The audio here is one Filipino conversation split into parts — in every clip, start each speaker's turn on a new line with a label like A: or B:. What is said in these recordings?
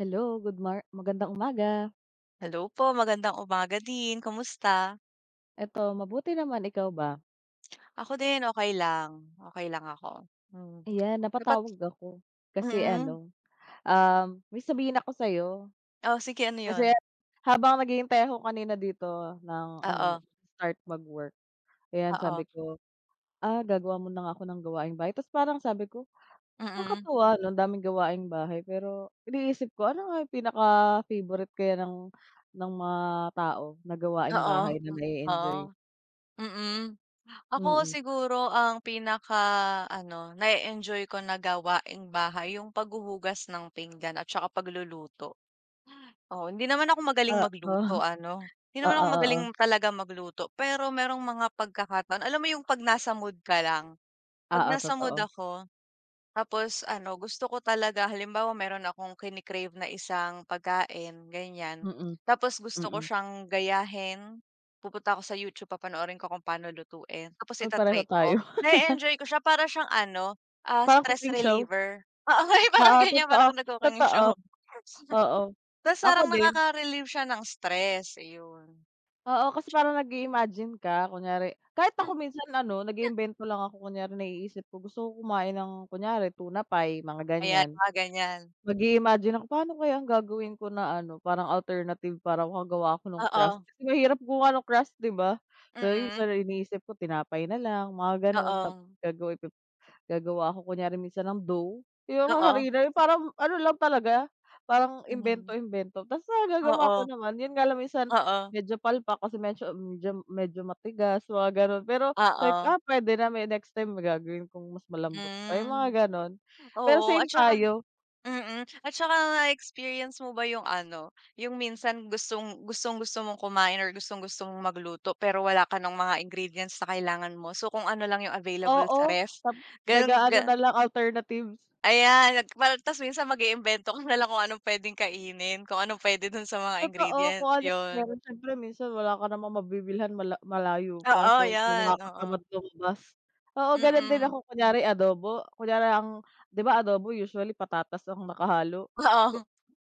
A: Hello, good mor magandang umaga.
B: Hello po, magandang umaga din. Kumusta?
A: Eto mabuti naman, ikaw ba?
B: Ako din okey lang, okey lang ako. Hmm.
A: 'Yan
B: Dapat
A: napatawag ako kasi
B: Mm.
A: ano um, may sabihin ako sa'yo.
B: O sige, ano
A: Kasi
B: 'yon?
A: habang naghihintay ako kanina dito ng ano 'no,
B: Oo.
A: start mag-work, ayan,
B: Oo.
A: sabi ko, "Ah, gagawa muna nga ako ng gawaing bahay." Tapos parang sabi ko,
B: Mm.
A: "Nakakatuwa, 'no, ang daming gawaing bahay." Pero iniisip ko ano nga yung pinaka-favorite kaya ng ng mga tao na gawaing
B: Oo,
A: bahay na
B: oo,
A: na-e-enjoy?
B: mm. Ako,
A: Mm.
B: siguro, ang pinakaano, na-e-enjoy ko na gawaing bahay yung paghuhugas ng pinggan at saka pagluluto? Oo, hindi naman ako magaling
A: Oo.
B: magluto, ano, hindi naman
A: Oo,
B: ako
A: oo.
B: magaling talaga magluto. Pero merong mga pagkakataon, alam mo yung 'pag nasa mood ka lang? 'Pag
A: Oo,
B: nasa mood
A: totoo.
B: ako, tapos ano, gusto ko talaga halimbawa meron akong kini-crave na isang pagkain, ganiyan.
A: Mm.
B: Tapos gusto ko
A: Mm.
B: siyang gayahin, pupunta ako sa YouTube, papanoorin ko kung paano lutuin, tapos
A: Ah,
B: ita-try
A: pareho
B: ko.
A: tayo.
B: Na-e-enjoy ko siya para siyang ano, ah,
A: Parang
B: stress
A: cooking show?
B: reliever, oo, yung parang
A: Oo,
B: ganiyan,
A: totoo,
B: parang kang nag-cooking
A: totoo.
B: show.
A: Oo,
B: Tapos
A: ako
B: parang
A: din.
B: nakaka-relieve siya ng stress, iyon.
A: Oo, kasi
B: Tiyak.
A: parang nag-i-imagine ka. Kunyari kahit ako
B: Mhm.
A: minsan ano, nag-iimbento lang ako kunyari naiisip ko, gusto ko kumain ng, kunyari tuna pie, mga
B: Ayan,
A: ganiyan.
B: mga ganiyan.
A: Mag-i-imagine ako, paano kaya ang gagawin ko na ano, parang alternative para makagawa ako ng crust?
B: Oo.
A: Kasi mahirap gumawa ng crust, 'di ba? Pero
B: Mm.
A: sa iniisip ko tinapay na lang, mga gano'n. Tap
B: Oo.
A: gagawa p gagawa ako kunyari minsan ng dough, yung ha
B: Oo.
A: harina na parang ano lang talaga, parang
B: Mhm.
A: imbento-imbento. Tapos nagagawa
B: Oo.
A: ko naman, yun nga lang minsan,
B: Oo.
A: medyo palpak, kasi medyo medyo medyo matigas, mga ganun. Pero, like,
B: Oo.
A: ah, puwede na may next time may gagawin kong mas malambot pa, yung
B: Hmm,
A: mga gano'n? Pero
B: oo, at
A: same
B: tsaka
A: tayo.
B: mm, at tsaka na-experience mo ba yung ano, yung minsan gustong gustong-gusto mong kumain or gustong-gusto mong magluto, pero wala ka ng mga ingredients na kailangan mo? So, kung ano lang yung available sa
A: Oo,
B: ref,
A: tap
B: gano'n,
A: nag-aano
B: gan
A: nalang, alternatives.
B: Ayan, mal ta's minsan mag-iimbento ka nalang kung anong puwedeng kainin, kung anong puwede dun sa mga
A: Totoo, kung
B: ingredients,
A: ano
B: yun.
A: meron. Siyempre minsan wala ka namang mabibilhan mala malayo pa.
B: Oo,
A: So,
B: yun,
A: nakakatamad
B: oo.
A: lumabas. Oo, gano'n din
B: Mm.
A: ako, kunyari adobo? Kunyari ang 'di ba, adobo usually patatas ang nakahalo?
B: Oo.
A: Ko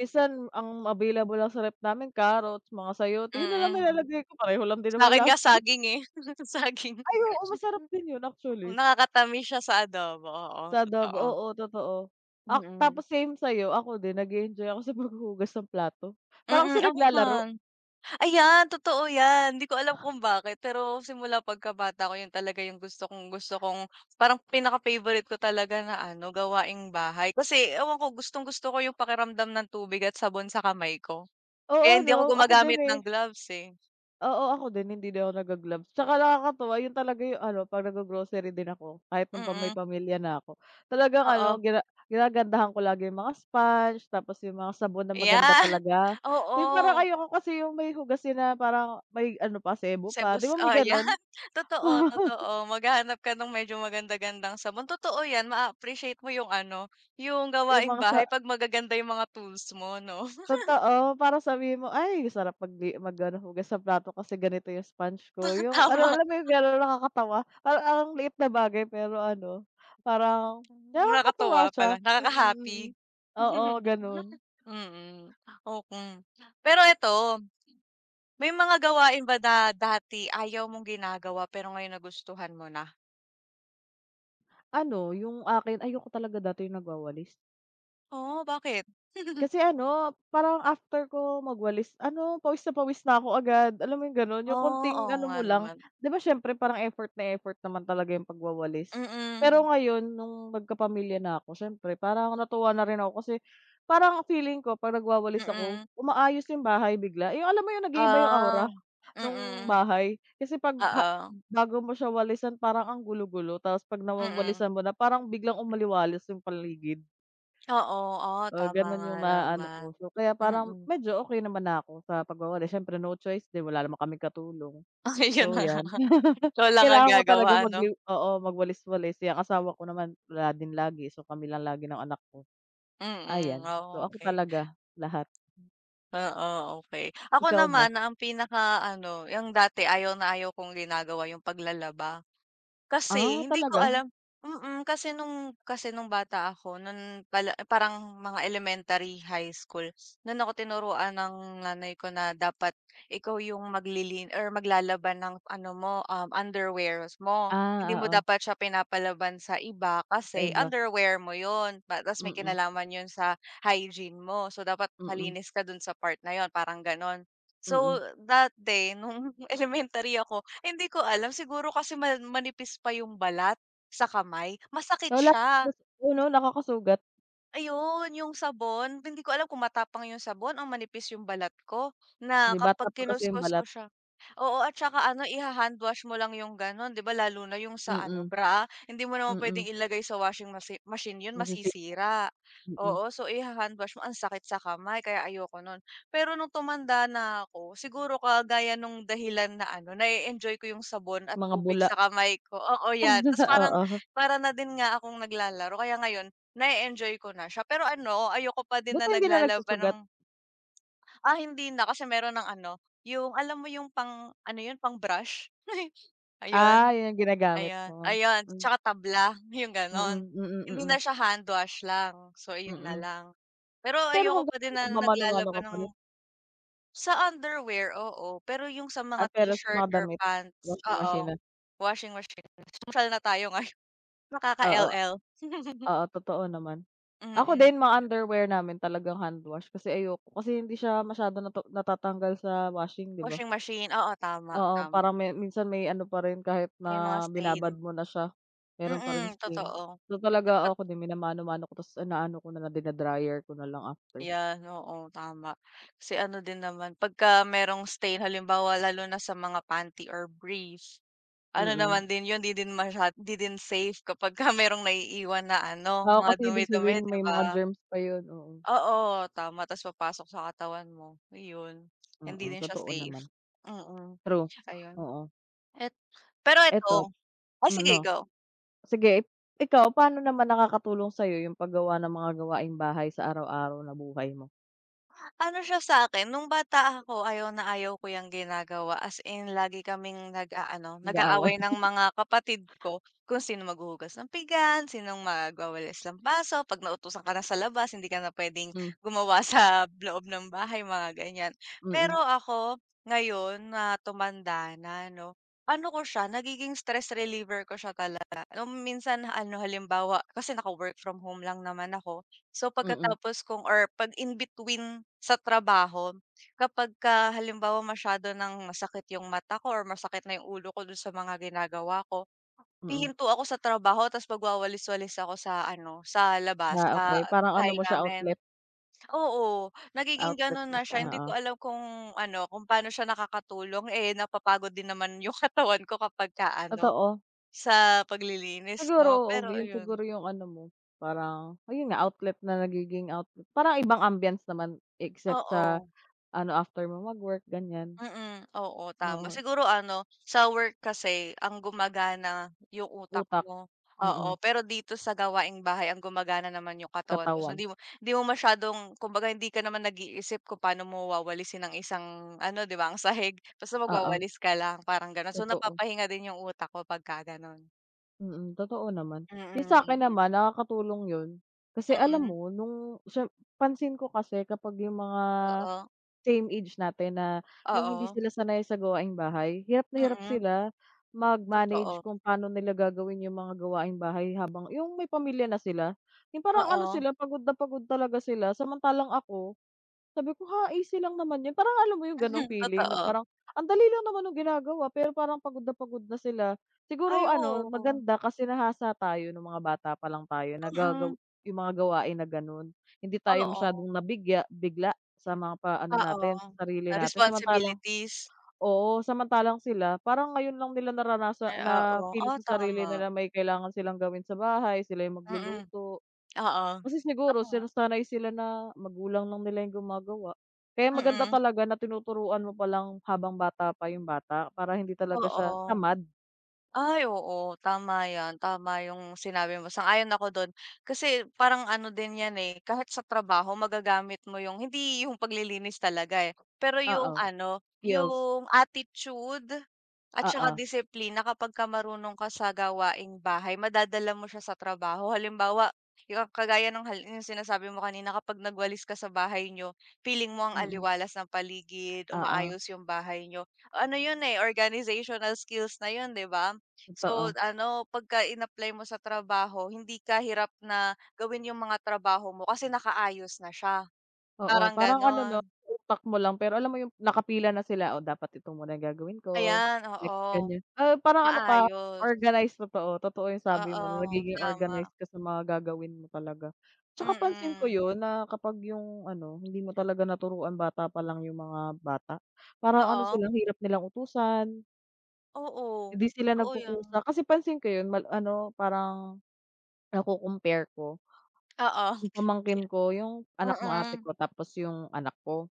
A: minsan ang available lang sa ref namin, carrots, mga sayote, yun nalang
B: Mm.
A: nilalagay ko, pareho lang din
B: Sa
A: naman
B: akin nga
A: las m
B: saging eh. Saging.
A: Ay, oo, masarap din yun actually.
B: Nakakatamis siya sa adobo. Oo,
A: Sa adobo.
B: totoo.
A: Oo, totoo. Ak
B: Mm.
A: tapos same sa'yo, ako din nag-e-enjoy ako sa paghuhugas ng plato, parang
B: Mm,
A: kasi
B: ako
A: naglalaro.
B: man. Ayan, totoo yan, hindi ko alam kung bakit, pero simula pagkabata ko, yun talaga yung gusto kong gusto kong parang pinaka-favorite ko talaga na ano, gawaing bahay. Kasi, ewan ko, gustong-gusto ko yung pakiramdam ng tubig at sabon sa kamay ko. Kaya
A: Oo,
B: hindi ako
A: 'no? Ako din
B: gumagamit ng
A: eh.
B: gloves eh.
A: Oo, ako din, hindi din ako nag-ga-gloves. 'Tsaka nakakatuwa yun talaga 'yung ano, 'pag nag-go-grocery din ako, kahit noon pa may
B: Mm.
A: pamilya na ako, talagang
B: Oo.
A: ano gina ginagandahan ko lagi 'yung mga sponge, tapos 'yung mga sabon na maganda
B: Ayan,
A: talaga. 'Yung parang
B: Oo.
A: ayoko kasi 'yung may hugasin na parang, may ano pa, sebo pa. 'Di
B: Sebus
A: ba, may
B: ah, 'yan.
A: gano'n?
B: Totoo, totoo. Maghahanap ka no'ng medyo maganda-gandang sabon. Totoo 'yan, maaappreciate mo 'yung ano, 'yung
A: 'Yung
B: gawaing
A: mga sa
B: bahay 'pag magaganda 'yung mga tools mo, 'no?
A: Totoo, para sabihin mo, "Ay, sarap mag-di mag ano, hugas ng plato kasi ganito 'yung sponge ko." 'Yung ano
B: Tama.
A: alam mo 'yung [unintelligible] nakakatawa? Parang ang liit na bagay pero ano, parang
B: Hmm,
A: nakakatuwa
B: nakakatuwa
A: siya.
B: pala,
A: Mm,
B: nakaka-happy.
A: mm. Oo, gano'n.
B: Mm, o kung Pero 'eto, may mga gawain ba na da dati ayaw mong ginagawa, pero ngayon nagustuhan mo na?
A: Ano, 'yung akin, ayoko talaga dati 'yung nagwawalis.
B: Oh, bakit?
A: Kasi ano, parang after ko magwalis, ano, pawis na pawis na ako agad, alam mo 'yung gano'n? 'Yung
B: Oh.
A: konting
B: Oo
A: ano
B: nga
A: mo lang.
B: naman.
A: 'Di ba, siyempre, parang effort na effort naman talaga 'yung pagwawalis.
B: Mm.
A: Pero ngayon, no'ng nagkapamilya na 'ko, siyempre, parang natuwa na rin ako kasi, parang feeling ko 'pag nagwawalis ako,
B: Mm.
A: umaayos 'yung bahay bigla. 'Yung alam mo 'yung nag-iiba 'yung
B: Ah.
A: aura, no'ng
B: Mm.
A: bahay? Kasi 'pag ha
B: Oo.
A: bago mo siya walisan, parang ang gulo-gulo, tapos 'pag
B: Mm.
A: nawawalisan mo na, parang biglang umaliwalas 'yung paligid.
B: Oo. Ah,
A: Oo,
B: tama
A: gano'n
B: nga
A: 'yung naaano
B: naman.
A: ko. So, kaya parang
B: Mm.
A: medyo okey naman na ako sa pagwawalis. Siyempre, no choice din, wala naman kaming katulong.
B: Ayun
A: So,
B: na nga.
A: 'yan.
B: Ikaw lang ang
A: Kailangan ko talaga
B: gagawa, 'no?
A: mag-yu oo, magwalis-walis. Eh, ang asawa ko naman wala din lagi, so, kami lang lagi ng anak ko.
B: Mm,
A: Ayan. So,
B: oh,
A: ako
B: okey.
A: talaga. Lahat.
B: Oo, okey. Ako
A: Ikaw ba?
B: naman, ang pinaka ano, 'yung dati ayaw na ayaw kong ginagawa 'yung paglalaba.
A: Ah,
B: Kasi, hindi ko
A: talaga?
B: alam mm, kasi no'ng kasi no'ng bata ako, no'n bala parang mga elementary, high school, no'n ako tinuruan ng nanay ko na dapat ikaw 'yung maglilin or maglalaba ng ano mo, um, underwears mo. Hindi
A: Ah,
B: mo
A: oo.
B: dapat siya pinapalaban sa iba
A: Sa
B: kasi
A: iba.
B: underwear mo yun. Ba ta's may
A: Mm.
B: kinalaman yun sa hygiene mo, so, dapat
A: Mm.
B: malinis ka do'n sa part na yun, parang gano'n.
A: Mm.
B: So, that day, no'ng elementary ako, hindi ko alam, siguro kasi man manipis pa 'yung balat sa kamay, masakit
A: O, la
B: siya.
A: [unintelligible] yun o, nakakasugat.
B: Ayon, yung sabon, hindi ko alam kung matapang yung sabon, o manipis yung balat ko
A: 'Di,
B: na
A: bata
B: kapag
A: pa kasi yung
B: kinuskos mo
A: balat.
B: siya oo, at saka ano, iha-handwash mo lang yung gano'n, 'di ba, lalo na yung sa ano,
A: Mm.
B: bra? Hindi mo naman puwedeng
A: Mm.
B: ilagay sa washing wachi machine 'yon,
A: Masisipa,
B: masisira,
A: mm.
B: oo. So, iha-hand wash mo, ang sakit sa kamay, kaya ayoko nun. Pero nung tumanda na ako, siguro kagaya nung dahilan na ano, nae-enjoy ko yung sabon at
A: Mga
B: tubig
A: bula.
B: sa kamay ko, oo, yan, ta's parang,
A: Oo.
B: para na din nga akong naglalaro. Kaya ngayon, nae-enjoy ko na siya pero ano, ayoko pa din
A: Buti
B: na
A: hindi na
B: naglalaba
A: nagsusugat?
B: ng ah, hindi na kasi meron ng ano, yung alam mo yung pang, ano yun, pang brush.
A: Ah,
B: Ayun,
A: 'yun ang ginagamit
B: ayun
A: mo.
B: ayun tsaka tabla, yung
A: Mm,
B: ganun,
A: mm,
B: hindi na
A: mm.
B: siya handwash lang, so iyon na
A: Mm.
B: lang. Pero
A: Pero
B: ayoko pa
A: hanggang
B: din
A: ngayon,
B: na
A: nagmamano-mano
B: naglalaba
A: ka pa
B: ng
A: rin?
B: sa underwear, oo. Pero yung sa mga
A: Ah, pero sa
B: t-shirt
A: mga
B: or
A: damit,
B: pants,
A: washing machine
B: oo,
A: na.
B: washing machine, sosyal na tayo ngayon
A: Oo, a
B: nakaka-LL
A: Oo, totoo naman. Ako
B: Mm.
A: din mga underwear namin talagang handwash kasi ayoko, kasi hindi siya masyadong nata natatanggal sa washing, 'di ba?
B: Washing machine. Oo, tama,
A: Oo,
B: tama.
A: parang may minsan may ano pa rin, kahit
B: May mga
A: na binabad
B: stain.
A: mo na siya, meron pa ring
B: Mm,
A: stain.
B: totoo.
A: So, talaga
B: Dapat
A: oo ako din minamano-mano ko ta's inaano ko na lang dina-dryer ko na lang after.
B: 'Yan, oo, tama. Kasi ano din naman, pag ka merong stain halimbawa lalo na sa mga panty or brief. Ano
A: Mm.
B: naman din yun, 'di din masya 'di din safe kapag ka merong naiiwan na ano,
A: Oo,
B: mga
A: kasi ibig
B: dumi-dumi,
A: sabihin
B: 'di
A: may mga
B: ba?
A: germs pa 'yun, oo.
B: Oo, tama, ta's papasok sa katawan mo, iyon, hindi
A: Mm,
B: din siya
A: totoo
B: safe,
A: naman.
B: mm,
A: True,
B: 'tsaka yun.
A: oo.
B: Et Pero
A: Eto,
B: eto oh
A: hmm,
B: sige
A: 'no.
B: go.
A: Sige, ikaw, paano naman nakakatulong sa'yo yung paggawa ng mga gawaing bahay sa araw-araw na buhay mo?
B: Ano siya sa'kin, nung bata ako ayaw na ayaw ko 'yang ginagawa, as in lagi kaming nag-aano,
A: Nag-aaway.
B: nag-aaway ng mga kapatid ko, kung sino maghuhugas ng pinggan, sinong magwawalis, lampaso, 'pag nautusan ka na sa labas hindi ka na puwedeng
A: Hmm.
B: gumawa sa loob ng bahay, mga ganiyan.
A: Mm.
B: Pero ako, ngayon na tumanda na 'no, ano ko siya, nagiging stress reliever ko siya talaga, nung minsan ano, halimbawa, kasi naka-work from home lang naman ako, so
A: Mm.
B: pagkatapos kong or 'pag in between sa trabaho kapagka halimbawa masyado ng masakit 'yung mata ko or masakit na 'yung ulo ko do'n sa mga ginagawa ko,
A: Mm.
B: hihinto ako sa trabaho, tapos magwawalis-walis ako sa ano, sa labas,
A: Ah,
B: sa
A: okey. Parang ano
B: bahay
A: mo siya,
B: namin.
A: outlet.
B: Oo, nagiging
A: Outlet
B: gano'n
A: mo
B: na
A: siya,
B: siya, hindi
A: oo.
B: ko alam kung ano, kung paano siya nakakatulong, eh, napapagod din naman 'yung katawan ko kapagka ano,
A: Totoo.
B: sa paglilinis
A: Siguro,
B: 'no,
A: oo,
B: pero
A: ga 'yun
B: ayun.
A: siguro 'yung ano mo, parang ayun nga, outlet na nagiging outlet. Parang ibang ambiance naman except sa
B: Oo.
A: ano, after mo magwork, ganiyan,
B: Mm, oo, tama.
A: oo.
B: Siguro ano, sa work kasi ang gumagana 'yung utak
A: Utak,
B: mo, oo,
A: mm.
B: pero dito sa gawaing bahay ang gumagana naman 'yung katawan mo. So,
A: Katawan.
B: hindi mo hindi mo masyadong, kumbaga hindi ka naman nag-iisip kung paano mo wawalisin ang isang ano, 'di ba, ang sahig, basta
A: Oo.
B: magwawalis ka lang, parang gano'n. So,
A: Totoo.
B: napapahinga din 'yung utak ko pagka ganun.
A: Mm, totoo naman.
B: Mm,
A: Yung sa'kin
B: mm.
A: naman nakakatulong 'yon kasi alam
B: Mm.
A: mo nung siyem pansin ko kasi kapag yung mga
B: Oo.
A: same age natin na yung hindi
B: Oo.
A: sila sanay sa gawaing-bahay, hirap na hirap
B: Mm.
A: sila mag-manage
B: Totoo.
A: kung paano nila gagawin yung mga gawaing-bahay habang yung may pamilya na sila, yung parang ano
B: Oo.
A: sila pagod na pagod talaga sila. Samantalang ako, sabi ko, "Ha? Easy lang naman 'yon." Parang alam mo yung gano'ng
B: Mhm,
A: feeling na
B: totoo.
A: parang ang dali lang naman nung ginagawa pero parang pagod na pagod na sila. Siguro
B: Ay,
A: ano
B: oo.
A: maganda kasi nahasa tayo nung mga bata palang tayo, nagagawa
B: Mm.
A: yung mga gawain na gano'n. Hindi tayo
B: Oo.
A: masyadong nabigya bigla sa mga pa ano
B: Oo,
A: natin, sa sarili
B: ah,
A: natin. Samantalang
B: responsibilities?
A: oo, samantalang sila parang ngayon lang nila naranasa
B: Ay, oo,
A: na-feel
B: ah,
A: sa sarili
B: tama.
A: nila may kailangan silang gawin sa bahay, sila yung
B: Mm,
A: magluluto.
B: oo,
A: Kasi siguro
B: tama.
A: sinasanay sila na magulang lang nila yung gumagawa. Kaya maganda
B: Mm.
A: talaga na tinuturuan mo palang habang bata pa yung bata para hindi talaga siya
B: Oo.
A: tamad.
B: Ay, oo, tama 'yan, tama yung sinabi mo, sang-ayon ako do'n. Kasi parang ano din 'yan eh, kahit sa trabaho magagamit mo yung hindi yung paglilinis talaga eh, pero yung
A: Oo,
B: ano,
A: skills.
B: yung attitude at saka
A: Oo.
B: disiplina kapagka marunong ka sa gawaing bahay madadala mo siya sa trabaho, halimbawa, yung kagaya nung hal yung sinasabi mo kanina kapag nagwalis ka sa bahay niyo feeling mo ang
A: Mm.
B: aliwalas ng paligid,
A: Oo.
B: umaayos yung bahay niyo. Ano 'yon eh, organizational skills na 'yon, 'di ba? So,
A: Totoo.
B: ano pagka in-apply mo sa trabaho hindi ka hirap na gawin yung mga trabaho mo kasi nakaayos na siya,
A: Oo,
B: parang
A: parang ano, 'no,
B: gano'n.
A: utak mo lang pero alam mo yung nakapila na sila, "Oh, dapat ito muna gagawin ko,
B: Ayan,
A: next,
B: oo,
A: ganiyan." Ah, parang ano ka,
B: maayos.
A: organize, totoo, totoo yung sabi mo na
B: Oo,
A: nagiging
B: tama.
A: organize ka sa mga gagawin mo talaga. Tsaka pansin ko
B: Mm.
A: 'yon na kapag yung ano, hindi mo talaga naturuan bata palang yung mga bata, parang ano
B: Oo.
A: sila, ang hirap nilang utusan.
B: Oo,
A: Hindi sila
B: totoo yan.
A: nagkukusa kasi pansin ko yun mal ano parang nako-compare ko
B: Oo.
A: yung
B: Pia
A: pamangkin ko yung anak ng ate
B: Mm.
A: ko tapos yung anak ko.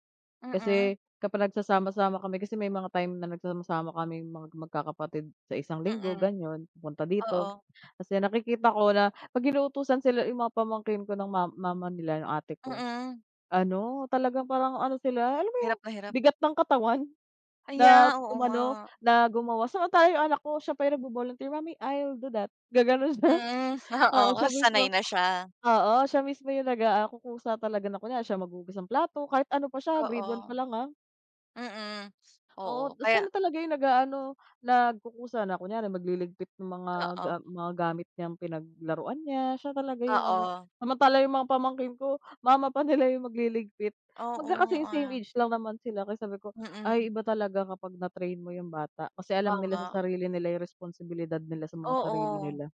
B: Mm.
A: Kasi kapag nagsasama-sama kami kasi may mga time na nagsasama-sama kaming magkakapatid sa isang linggo
B: Mm,
A: ganon pupunta dito.
B: oo.
A: 'Tas yun nakikita ko na pag inutusan sila yung mga pamangkin ko ng ma mama nila nung ate ko,
B: Mm.
A: ano, talagang parang ano sila alam mo yung
B: Hirap na hirap.
A: bigat ng katawan na
B: Aya oo,
A: umano,
B: nga.
A: na gumawa. Samantala yung anak ko siya pa yung nagvo-volunteer, "Mommy I'll do that." Gaganon siya
B: Mm,
A: oo,
B: oo,
A: siya mismo.
B: sanay na siya.
A: Oo, siya mismo yung nagakukusa talaga siya na kunwari maghugas ng plato kahit ano pa siya grade
B: Oo,
A: 1 pa lang, ah.
B: mm. Oo
A: Oo, 'tas
B: kaya
A: siya na talaga yung nag-aano, nagkukusa na kunyari magliligpit ng mga
B: Oo.
A: mga ga gamit niyang pinaglaruan niya siya talaga yung ano.
B: Oo.
A: Samantala yung mga pamangkin ko mama pa nila yung magliligpit.
B: Oo,
A: Magkaka-same-same
B: ah
A: age lang naman sila. Kaya sabi ko,
B: Mm.
A: "Ay, iba talaga kapag na-train mo yung bata kasi alam nila
B: Tama.
A: sa sarili nila yung responsibilidad nila sa mga sarili
B: Oo,
A: nila."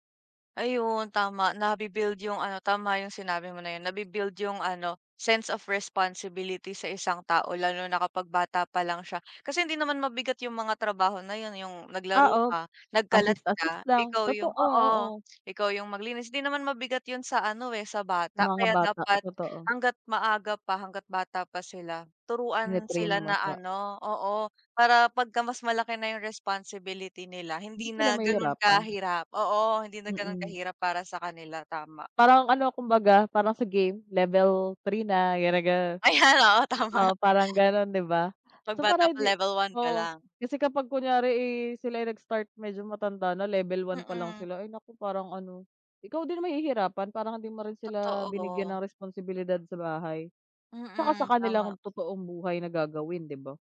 B: ayun tama nabi-build yung, ano, tama yung sinabi mo na yun nabi-build yung, ano, sense of responsibility sa 1 tao lalo na kapag bata pa lang siya kasi hindi naman mabigat yung mga trabaho na yun, eh, yung naglaro
A: Oo,
B: ka, nagkalat
A: assist assist
B: ka,
A: lang,
B: ikaw yung
A: totoo,
B: oo,
A: oo.
B: ikaw yung maglinis hindi naman mabigat yun sa, ano, eh, sa
A: Sa
B: bata
A: mga
B: kaya
A: bata, oh
B: dapat
A: totoo.
B: hangga't maaga pa hangga't bata pa sila turuan
A: Tine-train
B: sila
A: mo
B: na,
A: siya
B: ano oo, para 'pagka mas malaki na yung responsibility nila hindi
A: Hindi sila
B: na ganun
A: mahihirapan.
B: kahirap oo, hindi na ganun
A: Mm.
B: kahirap para sa kanila, tama.
A: Parang ano kumbaga parang sa game, level 3 na ganon, ganon.
B: Ayan, oo,
A: Oo,
B: tama.
A: parang gano'n 'di ba.
B: Pag
A: So parang
B: bata pa,
A: hindi
B: level 1 ka
A: oo
B: lang.
A: kasi kapag kunyari, eh, sila ay nag-start medyo matanda na level 1 pa lang
B: Mm.
A: sila, ay, naku, parang ano, ikaw din mahihirapan parang hindi mo rin sila binigyan
B: Totoo.
A: ng responsibilidad sa bahay, 'tsaka sa
B: Mm,
A: kanilang
B: tama.
A: totoong buhay na gagawin 'di ba?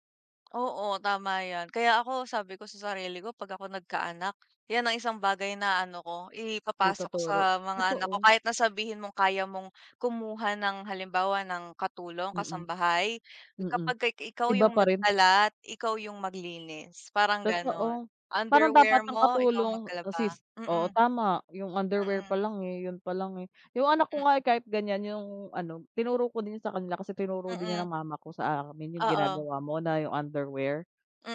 B: Oo, tama 'yan kaya ako sabi ko sa sarili ko pag ako nagkaanak, 'yan ang 1 bagay na, ano, ko ipapasa ko
A: Ituturo,
B: sa mga anak ko
A: totoo.
B: kahit na sabihin mong kaya mong kumuha ng halimbawa ng katulong,
A: Mm.
B: kasambahay,
A: Mm,
B: kapagka i ikaw
A: iba
B: yung
A: pa rin.
B: nagkalat, ikaw yung maglinis, parang ganun
A: Totoo, parang dapat
B: underwear
A: ang
B: mo, ikaw
A: katulong
B: maglaba
A: assist oo,
B: mm.
A: tama yung underwear
B: Mm.
A: palang yun palang, eh, yung anak ko nga
B: Mm.
A: eh, kahit ganyan yung, ano, tinuro ko din sa kanila kasi tinuro din niya
B: Mm.
A: ng mama ko sa amin yung
B: Oo.
A: ginagawa mo na yung underwear,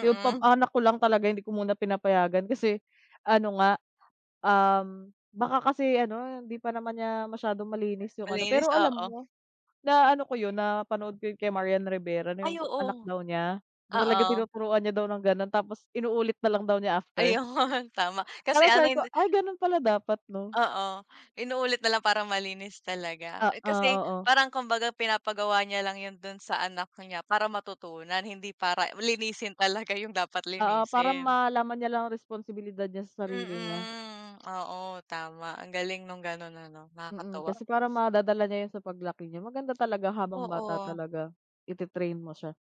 A: yung pa anak ko lang talaga hindi ko muna pinapayagan kasi ano nga, um, baka kasi ano hindi pa naman niya masyadong malinis yung, ano,
B: Malinis,
A: pero alam
B: oo.
A: mo na, ano, ko yun napanood ko kay Marian Rivera na
B: Ay,
A: yung anak
B: oo.
A: daw niya na talaga
B: Oo.
A: tinuturuan niya daw ng ganon tapos inuulit na lang daw niya after.
B: Ayun, tama kasi
A: Parang
B: ano
A: sabi
B: yun
A: ko,
B: di
A: "Ay ganun pala dapat, 'no."
B: Oo, inuulit na lang para malinis talaga, eh,
A: Oo,
B: kasi
A: oo.
B: parang kumbaga pinapagawa niya lang yun dun sa anak niya para matutunan hindi para linisin talaga yung dapat
A: Oo, parang
B: linisin.
A: malaman niya lang ang responsibilidad niya sa sarili niya.
B: Mm, oo, tama ang galing nung ganun ano
A: Mm,
B: nakakatuwa.
A: kasi parang madadala niya yun sa paglaki niya maganda talaga habang bata
B: Oo.
A: talaga ite-train mo siya.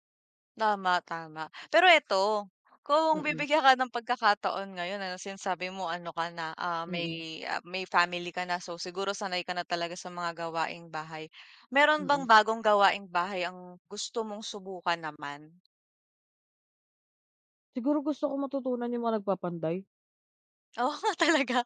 B: Tama, tama, pero eto kung
A: Mm.
B: bibigyan ka ng pagkakataon ngayon, ano, sinasabi mo ano ka na, ah,
A: Mm.
B: may may family ka na, so, siguro sanay ka na talaga sa mga gawaing-bahay, meron bang
A: Mm.
B: bagong gawaing-bahay ang gusto mong subukan naman?
A: Siguro gusto ko matutunan yung mga nagpapanday.
B: Oh talaga?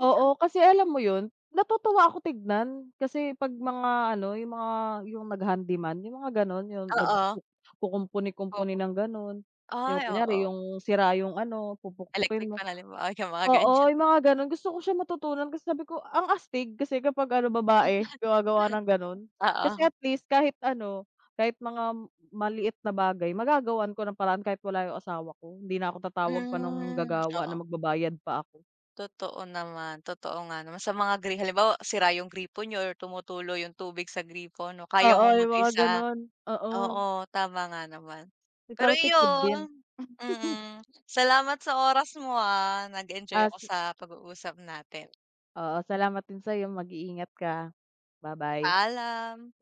A: Oo, kasi alam mo 'yon natutuwa ako tignan kasi 'pag mga, ano, yung mga yung nag-handy man yung mga ganon yung
B: Oo.
A: nagkukumpuni-kumpuni
B: Opo.
A: ng ganon, yung
B: Ay,
A: kunyari
B: oo.
A: yung sira yung, ano, pupukpukin
B: Electric
A: mo
B: fan halimbawa yung mga ganyan.
A: oo, yung mga ganon gusto ko siya matutunan kasi sabi ko ang astig kasi kapag ano babae gumagawa
B: [unintelligible]
A: ng ganon. Kasi
B: Oo.
A: at least kahit ano kahit mga maliit na bagay magagawan ko ng paraan kahit wala yung asawa ko hindi na ako tatawag pa nung
B: Hmm,
A: gagawa na
B: oo.
A: magbabayad pa ako.
B: Totoo naman totoo nga naman sa mga gri halimbawa sira yung gripo niyo or tumutulo yung tubig sa gripo, 'no, kaya
A: Oo,
B: mong
A: yung mga
B: mag-isa
A: ganon, oo.
B: oo, tama nga naman.
A: Kasi para
B: Pero
A: tipid din.
B: iyon, mm, salamat sa oras mo ah, nag-enjoy
A: Ah
B: ako
A: si
B: sa pag-uusap natin.
A: Oo, salamat din sa'yo mag-iingat ka, ba-bye.
B: Paalam.